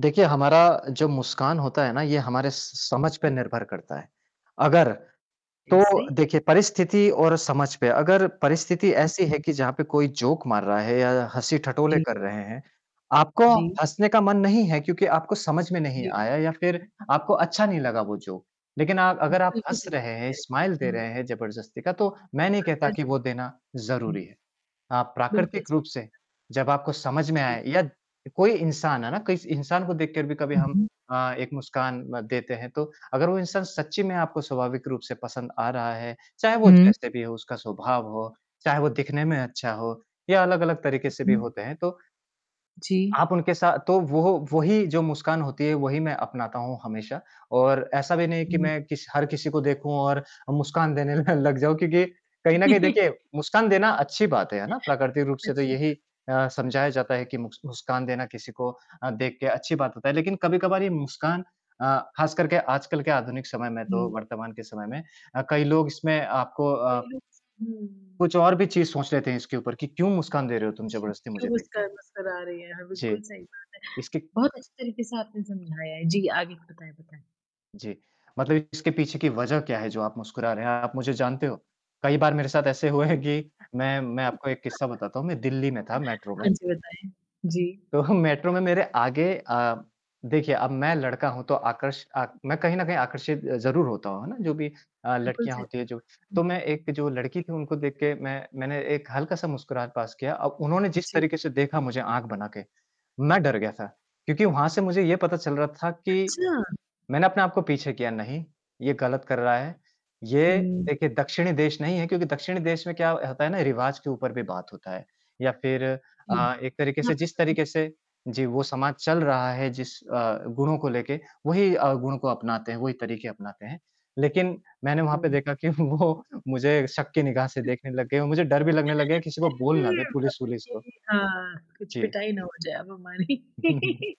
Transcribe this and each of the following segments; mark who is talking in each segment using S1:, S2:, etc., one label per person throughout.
S1: देखिए, हमारा जो मुस्कान होता है ना ये हमारे स स समझ पे निर्भर करता है। अगर तो
S2: कैसे?
S1: देखिए, परिस्थिति और समझ पे अगर परिस्थिति ऐसी है कि जहाँ पे कोई जोक मार रहा है या हँसी-ठटोले
S2: जी।
S1: कर रहे हैं, आपको
S2: जी।
S1: हँसने का मन नहीं है क्योंकि आपको समझ में नहीं
S2: जी।
S1: आया या फिर आपको अच्छा नहीं लगा वो जोक। लेकिन आप अगर आप
S2: बिल्कुल,
S1: हँस
S2: सही
S1: रहे
S2: बात
S1: हैं,
S2: कह रहे,
S1: स्माइल दे
S2: हुँ।
S1: रहे हैं ज़बरदस्ती का, तो मैं नहीं कहता
S2: अंदर
S1: कि वो देना ज़रूरी
S2: हुँ।
S1: है। अ,
S2: बिल्कुल
S1: प्राकृतिक रूप
S2: सही बात
S1: से,
S2: है।
S1: जब आपको समझ में
S2: जी।
S1: आए या कोई इंसान है ना, किस इंसान को देख के भी कभी
S2: हुँ,
S1: हम
S2: हुँ।
S1: अ, एक मुस्कान म देते हैं तो, अगर वो इंसान सच्ची में आपको स्वाभाविक रूप से पसंद आ रहा है, चाहे वो
S2: हुँ।
S1: जैसे भी हो उसका स्वभाव हो, चाहे वो दिखने में अच्छा हो या अलग-अलग तरीके से
S2: हुँ,
S1: भी
S2: हुँ।
S1: होते हैं, तो
S2: जी।
S1: आप उनके सा तो वोह वो ही जो मुस्कान होती है वही मैं अपनाता हूँ हमेशा। और ऐसा भी नहीं है कि
S2: हुँ।
S1: मैं किस हर किसी को देखूँ और अ, मुस्कान देने लग जाऊँ क्योंकि, कहीं न कहीं देखिए मुस्कान देना अच्छी बात है, है ना? प्राकृतिक रूप से तो
S2: अच्छी
S1: यही
S2: बात
S1: अ,
S2: है। जी।
S1: समझाया जाता है कि मुस्क मुस्कान देना किसी को अ, देख के अच्छी बात होता है। लेकिन कभी-कभार ये मुस्कान अ, खास करके आजकल के आधुनिक समय में तो
S2: हुँ।
S1: वर्तमान के समय में अ, कई लोग इसमें आपको
S2: कई
S1: आप
S2: लोग स
S1: कुछ
S2: हुँ।
S1: और भी चीज़ सोच लेते हैं इसके ऊपर कि क्यों मुस्कान दे रहे हो तुम
S2: जी,
S1: जबरदस्ती
S2: क्यों
S1: मुझे देख के।
S2: मुस्कान मुस्कुरा रही हैं, हाँ, बिल्कुल
S1: जी।
S2: सही बात
S1: इसके
S2: है। बहुत अच्छे तरीके से आपने समझाया है, जी, आगे का बताएँ बताएँ?
S1: जी। मतलब इसके पीछे की वजह क्या है जो आप मुस्कुरा रहे हैं, आप मुझे जानते हो? कई बार मेरे साथ ऐसे हुआ हैं कि मैं मैं
S2: [unintelligible]
S1: आपको एक किस्सा बताता हूँ, मैं दिल्ली में था मेट्रो
S2: हाँ
S1: में
S2: जी, बताएँ? जी।
S1: तो मेट्रो में मेरे आगे अ, देखिए, अब मैं लड़का हूँ तो आकर्ष आक मैं कहीं न कहीं आकर्षित अ, ज़रूर होता हूँ, है ना? जो भी अ,
S2: बिल्कुल
S1: लड़कियाँ
S2: सही
S1: होती
S2: कहा
S1: हैं जो, तो मैं
S2: आपने। हुँ, हुँ।
S1: एक जो
S2: जी।
S1: लड़की थी उनको देख के मैं मैंने एक हल्का-सा मुस्कुराहट पास किया, अब उन्होंने जिस
S2: जी।
S1: तरीके से देखा मुझे आँख बना के, मैं डर गया था। क्योंकि वहाँ से मुझे ये पता चल रहा था कि
S2: अच्छा।
S1: मैंने अपने आप को पीछे किया नहीं, ये गलत कर रहा है, ये
S2: हुँ।
S1: एक ए दक्षिणी देश नहीं है क्योंकि दक्षिणी देश में क्या ह होता है ना रिवाज़ के ऊपर भी बात होता है। या फिर
S2: जी,
S1: अ, एक तरीके से जिस
S2: [unintelligible]
S1: तरीके से जी, वो समाज चल रहा है जिस अ, गुणों को लेके, वही अ, गुणों को अपनाते हैं, वही तरीके अपनाते हैं। लेकिन, मैंने वहाँ पे
S2: [unintelligible]
S1: देखा कि वो मुझे शक की निगाह से देखने लग गए और मुझे डर भी लगने लग गया किसी को बोल
S2: अरे
S1: ना
S2: उम,
S1: दे
S2: बाप रे,
S1: पुलिस-वुलिस को।
S2: सही कहा, कुछ
S1: जी।
S2: पिटाई ना हो जाए अब हमारी।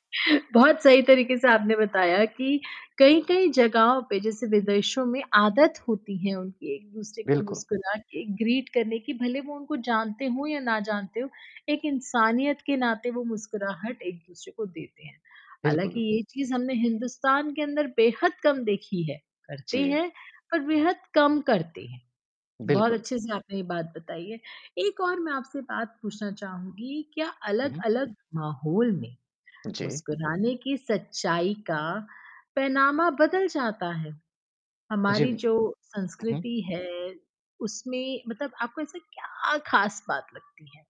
S2: बहुत सही तरीके से आपने बताया कि कई-कई जगहों पे, जैसे विदेशों में आदत होती है उनकी एक-दूसरे को
S1: बिल्कुल।
S2: मुस्कुरा के ग्रीट करने की, भले वो उनको जानते हों या ना जानते हों, एक इंसानियत के नाते वो मुस्कुराहट एक-दूसरे को देते हैं।
S1: बिल्कुल,
S2: हालाँकि
S1: बिल
S2: ये चीज़ हमने हिंदुस्तान के अंदर बेहद कम देखी है, करते
S1: जी।
S2: हैं पर बेहद कम करते हैं, बहुत
S1: बिल्कुल।
S2: अच्छे-से आपने ये बात बताई है। एक और मैं आपसे बात पूछना चाहूँगी, क्या
S1: हुँ, हुँ।
S2: अलग-अलग माहौल में,
S1: जी।
S2: मुस्कुराने की सच्चाई का, पैमाना बदल जाता है?
S1: जी।
S2: हमारी जो
S1: हुँ, हुँ।
S2: संस्कृति है उसमें मतलब आपको ऐसा क्या ख़ास बात लगती है?